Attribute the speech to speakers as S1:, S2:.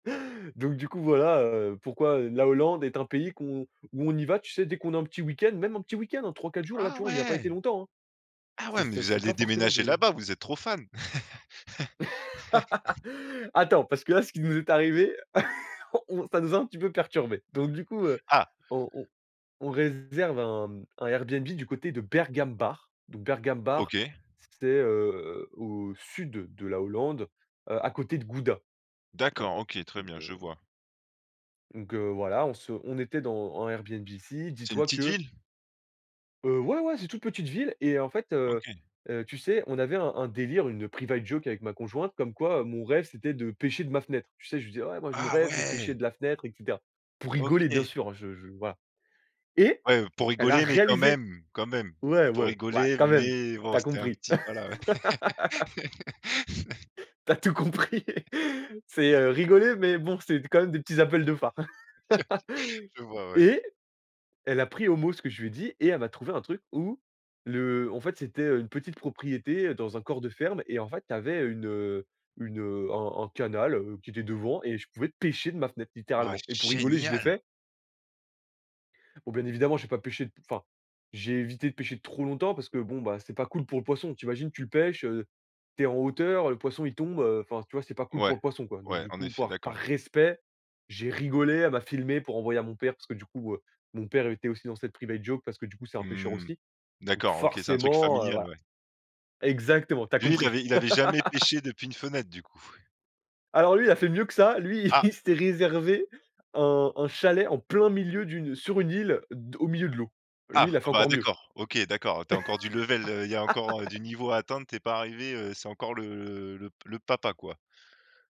S1: Donc du coup voilà, heu, pourquoi, heu, la Hollande est un pays qu'on où on y va, tu sais, dès qu'on a un petit week-end, même un petit week-end, hein 3-4 jours. Là,
S2: Ah
S1: tu vois on y a pas été
S2: ouais!
S1: longtemps, hein.
S2: Ah
S1: C'est
S2: ouais, mais
S1: c'est
S2: vous
S1: c'est
S2: allez
S1: pas forcément
S2: déménager
S1: des
S2: là-bas, vous êtes trop fan!
S1: Attends, parce que là ce qui nous est arrivé. On ça nous a un petit peu perturbé, donc du coup, heu,
S2: Ah!
S1: on on on réserve un un Airbnb du côté de Bergambacht, donc heu, Bergambacht,
S2: OK.
S1: c'est, heu, au sud de la Hollande, heu, à côté de Gouda. Tu vois?
S2: D'accord, OK, très
S1: Donc
S2: bien
S1: heu
S2: je vois.
S1: donc heu, voilà, on se on était dans en Airbnb ici,
S2: C'est une
S1: dis-toi
S2: petite
S1: que
S2: ville?
S1: Heu, ouais, ouais, c'est toute petite ville et en fait, heu,
S2: OK.
S1: heu, tu sais, on avait un un délire, une private joke avec ma conjointe, comme quoi, mon rêve, c'était de pêcher de ma fenêtre. Tu sais, je lui dis: «Ouais, moi, mon
S2: Ah
S1: rêve, c'est de pêcher
S2: ouais!
S1: de la fenêtre, et cetera». Pour rigoler, bien
S2: OK.
S1: sûr, je je voilà et
S2: Ouais, heu, pour
S1: elle l'a
S2: rigoler mais quand
S1: réalisé.
S2: même, quand même.
S1: Ouais.
S2: Pour
S1: Ouais, ouais,
S2: rigoler
S1: quand même,
S2: mais
S1: tu
S2: bon
S1: as
S2: c'était un
S1: compris.
S2: petit voilà, ouais.
S1: Tu as tout compris! C'est, heu, rigoler, mais bon, c'est d quand même des petits appels de phares.
S2: Je je vois ouais.
S1: Et elle a pris au mot ce que je lui ai dit et elle m'a trouvé un truc où, le en fait, c'était, heu, une petite propriété, dans un corps de ferme et en fait, tu avais une, heu, une un un canal, heu, qui était devant et je pouvais pêcher de ma fenêtre,
S2: Wow
S1: littéralement et pour rigoler, je l'ai
S2: génial!
S1: fait bon, bien évidemment, j'ai pas pêché d enfin j'ai évité de pêcher trop longtemps, parce que bon, bah c'est pas cool pour le poisson. Tu imagines, tu le pêches, heu, tu es en hauteur, le poisson il tombe, heu, enfin, tu vois c'est pas cool pour
S2: Ouais.
S1: le poisson quoi, donc
S2: Ouais,
S1: du
S2: en
S1: coup,
S2: effet,
S1: par par
S2: d'accord.
S1: respect, j'ai rigolé, elle m'a filmé pour envoyer à mon père parce que du coup, heu, mon père était aussi dans cette private joke parce que du coup, c'est un pêcheur
S2: Mmh.
S1: aussi, donc
S2: D'accord, OK c'est un truc
S1: forcément, heu,
S2: familial,
S1: voilà.
S2: ouais.
S1: Exactement, tu as
S2: Lui, il
S1: compris.
S2: avait il avait jamais pêché, depuis une fenêtre du coup?
S1: Alors lui, il a fait mieux que ça, lui
S2: Ah!
S1: il s'est réservé un un chalet en plein milieu d'une sur une île de au milieu de l'eau. Lui,
S2: Ah!
S1: il a
S2: Ah
S1: fait
S2: bah
S1: encore mieux.
S2: d'accord, OK d'accord, tu as encore du level, heu, il y a encore du niveau à atteindre, tu es pas arrivé, heu, c'est encore le le p le papa, quoi.